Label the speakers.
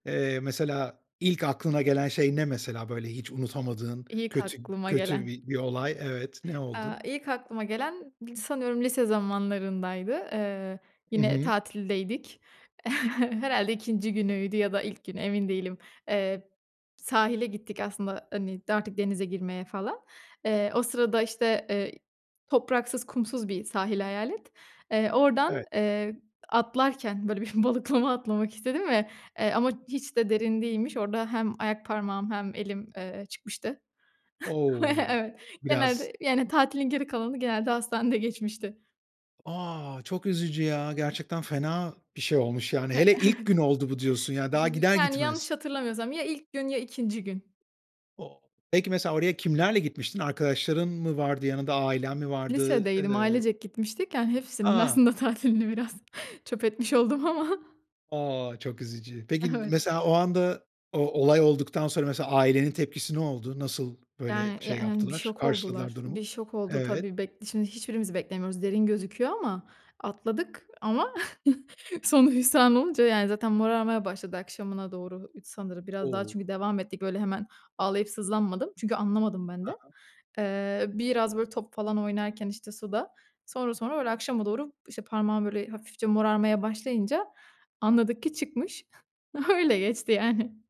Speaker 1: Eee, mesela, ilk aklına gelen şey ne mesela? Böyle hiç unutamadığın
Speaker 2: İlk
Speaker 1: kötü,
Speaker 2: aklıma
Speaker 1: kötü
Speaker 2: gelen.
Speaker 1: bi bir olay. Evet, ne
Speaker 2: Aaa,
Speaker 1: oldu?
Speaker 2: ilk aklıma gelen, dı sanıyorum lise zamanlarındaydı, eee,
Speaker 1: Hı
Speaker 2: yine
Speaker 1: hı.
Speaker 2: tatildeydik, herhâlde 2'inci günüydü ya da ilk gün, emin değilim, eee, sahile gittik aslında, hani, artık denize girmeye falan. Eee, o sırada işte, ııı, topraksız, kumsuz bir sahil hayal et. Eee, oradan,
Speaker 1: Evet.
Speaker 2: eee, atlarken, böyle bir balıklama atlamak istedim ve, eee, ama hiç de derin değilmiş, orada hem ayak parmağı hem elim, eee, çıkmıştı.
Speaker 1: O,
Speaker 2: Evet,
Speaker 1: biraz
Speaker 2: genelde, yani tatilin geri kalanı genelde hastanede geçmişti.
Speaker 1: A! Çok üzücü ya. Gerçekten fena bir şey olmuş, yani. Hele ilk gün oldu bu, diyorsun, ya,
Speaker 2: İ
Speaker 1: daha
Speaker 2: hi i
Speaker 1: gider
Speaker 2: yani,
Speaker 1: gitmez.
Speaker 2: yanlış hatırlamıyorsam, ya ilk gün ya 2'nci gün.
Speaker 1: O peki, mesela, oraya kimlerle gitmiştin? Arkadaşların mı vardı yanında? Ailen mi vardı?
Speaker 2: Lisedeydim,
Speaker 1: Iıı
Speaker 2: ailecek gitmiştik, yani, hepsinin
Speaker 1: A!
Speaker 2: aslında tatilini biraz çöp etmiş oldum ama.
Speaker 1: A! Çok üzücü. Peki, n
Speaker 2: Evet.
Speaker 1: mesela, o anda, o olay olduktan sonra, mesela, ailenin tepkisi ne oldu? Nasıl, böyle,
Speaker 2: Yani, ya
Speaker 1: şey
Speaker 2: en bir
Speaker 1: yaptılar,
Speaker 2: şok
Speaker 1: karşıladılar
Speaker 2: oldular, bir
Speaker 1: durumu?
Speaker 2: şok oldu
Speaker 1: Evet.
Speaker 2: tabii. Bek şimdi hiçbirimiz beklemiyoruz, derin gözüküyor ama, atladık ama sonu hüsran olunca, yani, zaten morarmaya başladı akşamına doğru, ıd sanırım, biraz daha
Speaker 1: O!
Speaker 2: çünkü devam ettik; böyle hemen ağlayıp sızlanmadım çünkü anlamadım ben de.
Speaker 1: He he.
Speaker 2: Eee, biraz böyle top falan oynarken işte suda, sonra sonra, öyle akşama doğru, işte, parmağım böyle hafifçe morarmaya başlayınca anladık ki çıkmış. Öyle geçti yani.